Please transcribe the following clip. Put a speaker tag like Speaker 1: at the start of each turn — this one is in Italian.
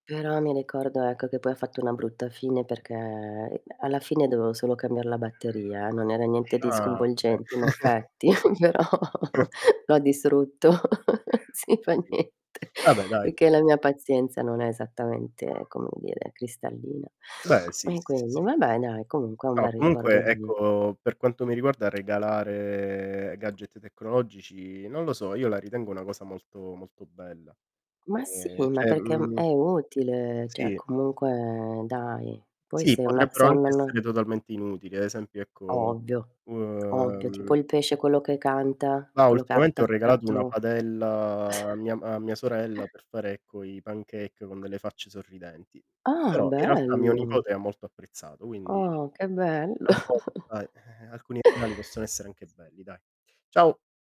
Speaker 1: Però mi ricordo, ecco, che poi ha fatto una brutta fine perché i alla fine dovevo solo cambiar la batteria, eh, non era niente di
Speaker 2: Ah,
Speaker 1: sconvolgente
Speaker 2: okay.
Speaker 1: in effetti, però lo ha distrutto. Sì,
Speaker 2: Ho
Speaker 1: fa
Speaker 2: capito
Speaker 1: niente,
Speaker 2: vabbè, dai.
Speaker 1: perché la mia pazienza non è esattamente, come dire, cristallina.
Speaker 2: Beh, sì,
Speaker 1: E
Speaker 2: sì, sì,
Speaker 1: quindi
Speaker 2: sì, capisco.
Speaker 1: vabbè dai, comunque è un
Speaker 2: No,
Speaker 1: bel ricordo
Speaker 2: comunque,
Speaker 1: di di
Speaker 2: ecco, per quanto mi riguarda regalare gadget tecnologici, non lo so, io la ritengo una cosa molto, molto bella.
Speaker 1: Ma sì,
Speaker 2: Ehm,
Speaker 1: ma
Speaker 2: cioè,
Speaker 1: perché è m è
Speaker 2: mhmm
Speaker 1: inutile, cioè
Speaker 2: Sì.
Speaker 1: comunque dai, poi
Speaker 2: Sì,
Speaker 1: sei una se
Speaker 2: potrebbero
Speaker 1: una
Speaker 2: anche
Speaker 1: non
Speaker 2: essere totalmente inutili. Ad esempio, ecco
Speaker 1: Ovvio
Speaker 2: u
Speaker 1: ovvio, tipo
Speaker 2: ehm
Speaker 1: il pesce quello che canta,
Speaker 2: Ma
Speaker 1: quello che ha
Speaker 2: ultimamente ho regalato una
Speaker 1: attaccato
Speaker 2: padella a mia ma a mia sorella per fare, ecco, i pancake con delle facce sorridenti.
Speaker 1: Ah,
Speaker 2: Però, in realtà mio
Speaker 1: bello.
Speaker 2: nipote ha molto apprezzato, quindi
Speaker 1: Oh, che bello.
Speaker 2: talvolta alcuni regali possono essere anche belli, dai. Ciao!